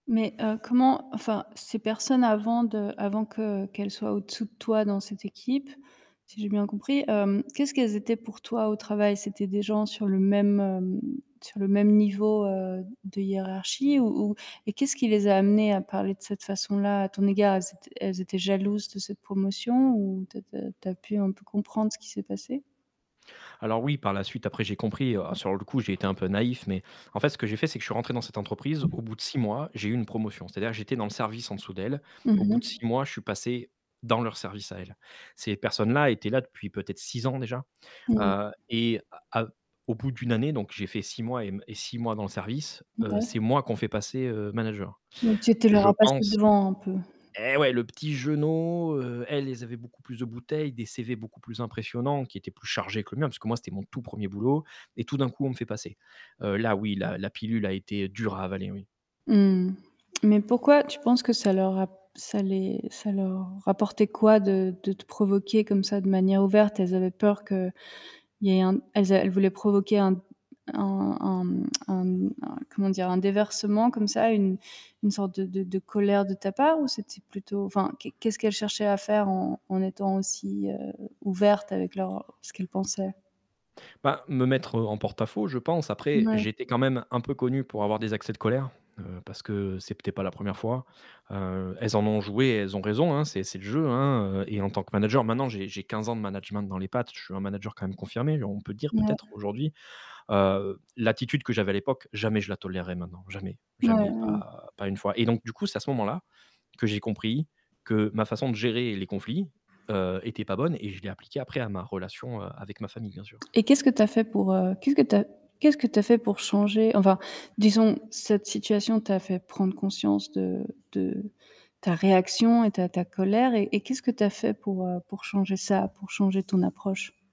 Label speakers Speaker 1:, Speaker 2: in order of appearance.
Speaker 1: Mais heu, comment, enfin, ces personnes avant de avant que qu'elles soient au-dessous de toi dans cette équipe, si j'ai bien compris, hem, qu'est-ce qu'elles étaient pour toi au travail? C'était des gens sur le même, hem, sur le même niveau, heu, de hiérarchie ou ou et qu'est-ce qui les a amenées à parler de cette façon-là à ton égard? Elles étaient elles étaient jalouses de cette promotion ou tu as tu as tu as pu un peu comprendre ce qui s'est passé?
Speaker 2: Alors oui, par la suite après, j'ai compris. Heu, sur le coup, j'ai été un peu naïf mais en fait, ce que j'ai fait, c'est que je suis rentré dans cette entreprise, au bout de 6 mois j'ai eu une promotion. C'est-à-dire, j'étais dans le service en dessous d'elles, au
Speaker 1: Mmh
Speaker 2: bout de
Speaker 1: mh.
Speaker 2: 6 mois je suis passé dans leur service à elles. Ces personnes-là étaient là depuis peut-être 6 ans déjà,
Speaker 1: Moui.
Speaker 2: heu et à à au bout d'1 année donc j'ai fait 6 mois et m et 6 mois dans le service, heu,
Speaker 1: Mouais.
Speaker 2: c'est moi qu'on fait passer, heu, manager.
Speaker 1: Donc tu étais leur
Speaker 2: Je
Speaker 1: as passé
Speaker 2: pense
Speaker 1: devant un peu?
Speaker 2: eh ouais, le petit jeunot, heu, elles, elles avaient beaucoup plus de bouteilles, des CV beaucoup plus impressionnants qui étaient plus chargés que le mien, parce que, moi, c'était mon tout 1er boulot et tout d'un coup, on me fait passer. Heu, là oui, la la pilule a été dure à avaler, oui.
Speaker 1: Mmh, mais pourquoi tu penses que ça leur a ça les ça leur apportait quoi de de te provoquer comme ça de manière ouverte? Elles avaient peur qu'il y ait un elles a elles voulaient provoquer un un un, mmh, un un comment dire? Un déversement comme ça, une une sorte de de de colère de ta part ou c'était plutôt, enfin, qu'est qu'est-ce qu'elles cherchaient à faire en en étant aussi, heu, ouvertes avec leur ce qu'elles pensaient?
Speaker 2: Ben, me mettre, heu, en porte-à-faux je pense, après
Speaker 1: Mouais.
Speaker 2: j'étais quand même un peu connu pour avoir des accès de colère, heu, parce que c'était pas la 1re fois. Heu, elles en ont joué et elles ont raison, hein, c'est c'est le jeu, hein, heu et en tant que manager maintenant j'ai j'ai 15 ans de management dans les pattes, je suis un manager quand même confirmé on peut dire, peut-être
Speaker 1: Mouais.
Speaker 2: aujourd'hui, heu, l'attitude que j'avais à l'époque, jamais je la tolèrerai maintenant, jamais,
Speaker 1: Mouais,
Speaker 2: jamais,
Speaker 1: ouais.
Speaker 2: pas pas 1 fois. Et donc du coup, c'est à ce moment-là que j'ai compris que ma façon de gérer les conflits, heu, était pas bonne et je l'ai appliquée après à ma relation, heu, avec ma famille bien sûr.
Speaker 1: Et qu'est-ce que tu as fait pour heu, qu'est-ce que tu as qu'est-ce que tu as fait pour changer enfin, disons cette situation t'a fait prendre conscience de de ta réaction et ta ta colère et et qu'est-ce que tu as fait pour, heu, pour changer ça, pour changer ton approche?